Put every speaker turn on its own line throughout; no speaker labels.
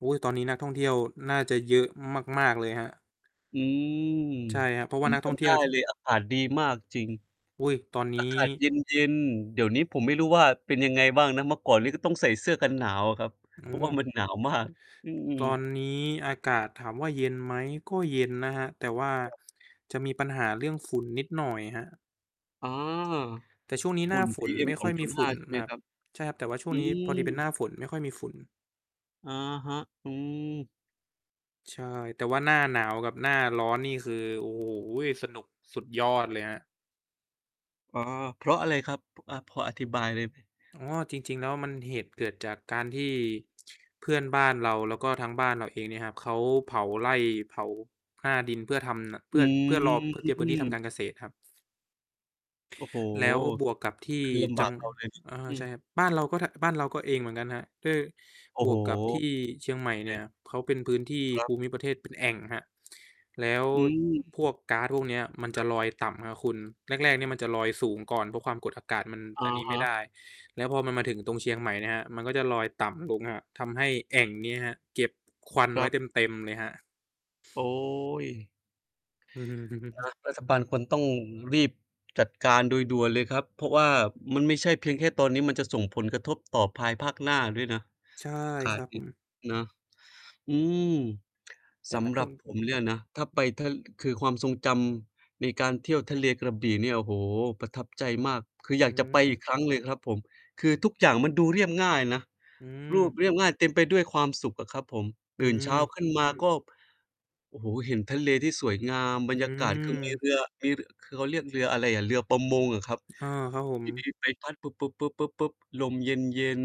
โอ๊ย ตอนนี้นักท่องเที่ยวน่าจะเยอะมาก ๆ เลยครับ
อืม
ใช่ครับ เพราะ
ผ
ว่า
ม
นัก
จ
ท่องเ
ำ
ที
ได
่ย
้
วที่
เลย อากาศดีมากจริง
อุ๊ย ตอนน
อา
ี้
กาศ เย็น ๆ เดี๋ยวนี้ผมไม่รู้ว่าเป็นยังไงบ้างนะ เมื่อก่อนนี้ก็ต้องใส่เสื้อกันหนาวอะครับ
อื
เพราะว่า
ม
มัน หนาวมาก อืม
ตอนนี้อากาศ ถามว่าเย็นไหม? ก็เย็นนะครับ แต่ว่า
แบบ
จะมีปัญหาเรื่องฝุ่นนิดหน่อยครับ
อ๋อ
แต่ช่วงนี้
ฝ
หน
ุ
้
่
า
น
ฝนไม่ค่อยมีฝ
PM2.5
ุ่น
ใช่ไ
น
หม
ะครั
ค
บ
รับ?
ใช่ครับ แต่ว่าช่ว
อื
งนี้พอดีเป็นหน้า
ม
ฝน ไม่ค่อยมีฝุ่น
อะฮะ อืม
ใช่ แต่ว่าหน้าหนาวกับหน้าร้อนนี่คือ โอ้โฮ สนุกสุดยอดเลยครับ
อ๋อ เพราะอะไรครับ พ อ่า พออธิบายได้ไหม?
อ๋อ จริง ๆ แล้วมัน เหตุเกิดจากการที่เพื่อนบ้านเรา แล้วก็ทั้งบ้านเราเองเนี่ยครับ เขาเผาไร่ เผาหน้าดินเพื่อทำ น เพ
อ
ื่อ เพื่อรอ เพื่อเตรียมพื้นที่ทำ
ืม
การเกษตรครับ
โอ้โฮ
แล้วบวกกับที่
คือลำบ
จั
า
ง
กเราเลย
อ่า
อื
ใช่
ม
ครับ บ้านเราก็ ท บ้านเราก็เองเหมือนกันครับ คือ
โอ้
บ
โฮ
วกกับที่เชียงใหม่
ใ
เ
น
นี่ย เขาเป็นพื้นที่
ครั
ภ
บ
ูมิประเทศเป็นแอ่งครับ แล้ว
อื
พ
ม
วกก๊าซพวกเนี้ยมัน
ค
จ
ร
ะ
ับ
ลอยต่ำครับคุณ แรก ๆ เนี่ยมันจะลอยสูงก่อน เพราะความกดอากาศมัน
อ
อั
ะ
นนี้ไ
ฮ
ม่ไ
ะ
ด้ แล้วพอมันมาถึงตรงเชียงใหม่เนี่ยครับ มันก็จะลอยต่ำลงครับ ทำให้แอ่งนี้ครับเก็บควัน
ค
ไ
ร
ว
ั
้
บ
เต็ม ๆ เลยครับ
โอ๊ย
อือฮ
อ
ึ
า รัฐบาลควรต้องรีบจัดการโดยด่วนเลยครับ เพราะว่ามันไม่ใช่เพียงแค่ตอนนี้ มันจะส่งผลกระทบต่อภายภาคหน้าด้วยเนาะ
ใช่
อาก
ค
า
ร
ศ
ับ
เง
ผ
ี้ย
ม
เนาะ อืม
แต่
ส
นั
ำ
ก
หร
ท่อ
ับ
งเท
ผ
ี่ย
มเนี่ยนะ ถ้าไ
ว
ป ถ้า คือความทรงจำในการเที่ยวทะเลกระบี่เนี่ย โอ้โฮ ประทับใจมาก คืออ
อ
ย
ื
ากจะไปอ
ม
ีกครั้งเลยครับผม คือทุกอย่างมันดูเรียบง่ายนะ
อื
รูป
ม
เรียบง่าย เต็มไปด้วยความสุขอะครับผม
อื
ตื่นเช้า
ม
ขึ้นมาก็ โอ้โฮ เห็นทะเลที่สวยงาม บร
อื
รยากาศคือ มี
ม
เรือ มีรือ คือเขาเรียกเรืออะไรอะ เรือประมงเหรอครับ?
เออ ครับผ
ท
ม
ี่มี ใบพัด ลมเย็น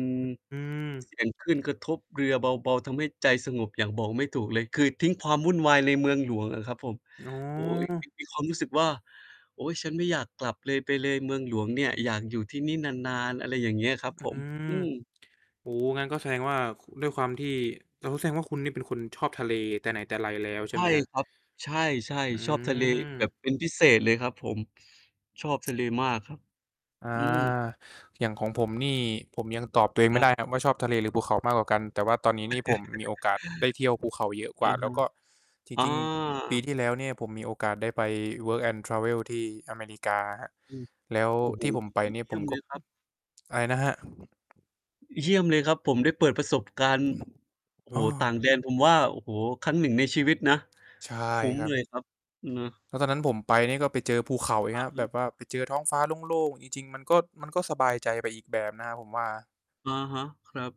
อื
ๆ
ม
เสียงคลื่นกระทบเรือเบา ๆ ทำให้ใจสงบอย่างบอกไม่ถูกเลย คือทิ้งความวุ่นวายในเมืองหลวงอะครับผม
อ๋
โอ๊ย
อ
มี มี ความรู้สึกว่า โอ๊ย ฉันไม่อยากกลับเลย ไปเลย เมืองหลวงเนี่ย อยากอยู่ที่นี่นาน ๆ อะไรอย่างเงี้ยครับ
อื
ผม
ม
อืม
โอ้โฮ งั้นก็แสดงว่า ค ด้วยความที่ โอ้โฮ แสดงว่าคุณนี่เป็นคนชอบทะเลแต่ไหนแต่ไรแล้วใ
ใ
ช
ช
่
่
ไหมครับ?
ครับ ใช่
อื
ๆ ชอบทะเลแบ
ม
บเป็นพิเศษเลยครับผม ชอบทะเลมากครับ
อา
อืม
อย่างของผมนี่ ผมยังตอบตัวเอง
ค
ไม
รั
่ไ
บ
ด้ครับว่าชอบทะเลหรือภูเขามากกว่ากัน แต่ว่าตอนนี้นี่ผมมีโอกาสได้เที่ยวภูเขาเยอะก
อ
ว่
ะ
า แล
ฮ
้ว
ะ
ก็จ
อ๋อ
ริง ๆ ปีที่แล้วเนี่ยผมมีโอกาสได้ไป Work and Travel ที่อเมริกาครับ
อืม
แล้ว
โอ้โฮ
ที่
ย
ผมไปนี่
เยี
ผ
่ย
ม
ม
ก
เ
็
ลยครับ
อะไรนะครับ?
เยี่ยมเลยครับผม ได้เปิดประสบการณ
อ
์
ืม
โอ้
อ
โฮ
้อ
ต่างแดน ผมว่า โอ้โฮ ครั้งหนึ่งในชีวิตนะ
ใช่
คุ้ม
ครับ
เลยครับ เนาะ
แล้วตอนนั้นผมไปนี่ก็ไปเจอภูเขาน
อ
ี
ื
่ค
อ
รับ
ฮึ
แบบว่าไปเจอท้องฟ้าโล่ง ๆ จริง ๆ มันก็ มันก็สบายใจ ไปอีกแบบนะครับผมว่า
อะฮะ ครับ